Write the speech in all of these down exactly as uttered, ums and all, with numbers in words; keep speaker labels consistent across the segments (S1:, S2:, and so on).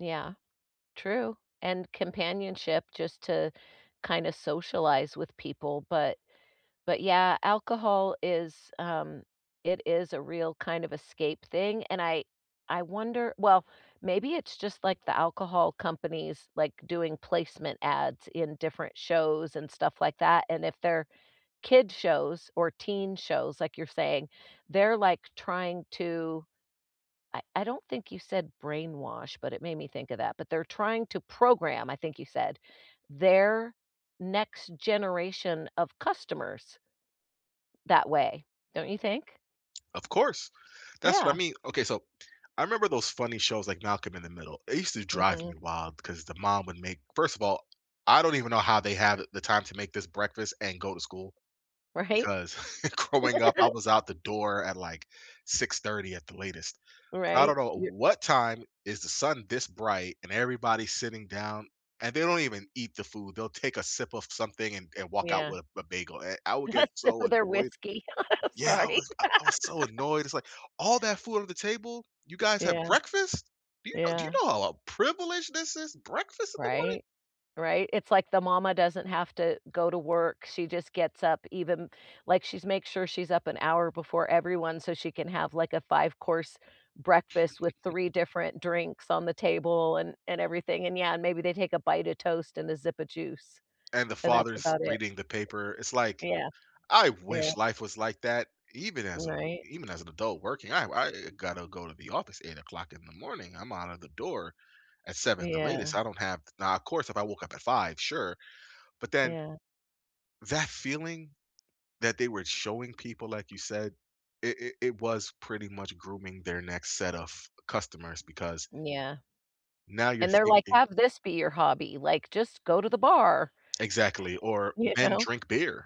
S1: Yeah, true and companionship just to kind of socialize with people, but but yeah alcohol is, um it is a real kind of escape thing and I I wonder well, maybe it's just like the alcohol companies, like, doing placement ads in different shows and stuff like that and if they're kids shows or teen shows, like you're saying, they're, like, trying to I I don't think you said brainwash, but it made me think of that, but they're trying to program, I think you said, their next generation of customers, that way, don't you think?
S2: Of course, that's what
S1: Yeah.
S2: I mean, okay, so, I remember those funny shows like Malcolm in the Middle, it used to drive me
S1: Mhm.
S2: wild because the mom would make first of all, I don't even know how they had the time to make this breakfast and go to school
S1: Right?
S2: 'cause growing up, I was out the door at, like, six thirty at the latest. I
S1: Right,
S2: don't know
S1: y
S2: what time is the sun this bright and everybody's sitting down and they don't even eat the food, they'll take a sip of something and and walk out
S1: Yeah.
S2: with a b bagel, and I would get
S1: What's
S2: so
S1: another
S2: annoyed.
S1: whiskey?
S2: Yeah, I
S1: Sorry.
S2: was I I was so annoyed, it's like, "All that food on the table, you guys have
S1: Yeah.
S2: breakfast? Do you know do you
S1: Yeah.
S2: know how a privilege this is, breakfast in the morning?
S1: Right? Right, it's like the mama doesn't have to go to work, she just gets up even like, she's make sure she's up an hour before everyone so she can have, like, a five course breakfast with three different drinks on the table and and everything. And, yeah, and maybe they take a bite of toast and a zip of juice,
S2: And the
S1: and that's
S2: father's
S1: about it.
S2: reading the paper, it's like,
S1: Yeah.
S2: "I
S1: Yeah.
S2: wish life was like that even as a w
S1: Right.
S2: even as an adult working," I, uh, I I gotta go to the office eight o'clock in the morning. I'm outta the door at seven the latest,
S1: Yeah.
S2: I don't have now, of course, if I woke up at five, sure, but then
S1: Yeah.
S2: that feeling that they were showing people, like you said, it it it was pretty much grooming their next set of customers because
S1: Yeah.
S2: now you're
S1: And they're like,
S2: thinking
S1: "Have this be your hobby, like, just go to the bar."
S2: Exactly, or
S1: You
S2: men
S1: know?
S2: drink beer.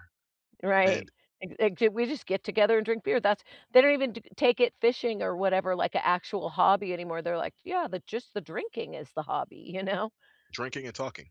S1: Right,
S2: And
S1: "Ac act we just get together and drink beer, that's" they don't even t take it fishing or whatever, like, a actual hobby anymore, they're like, "Yeah, the just the drinking is the hobby." You know?
S2: Drinking and talking.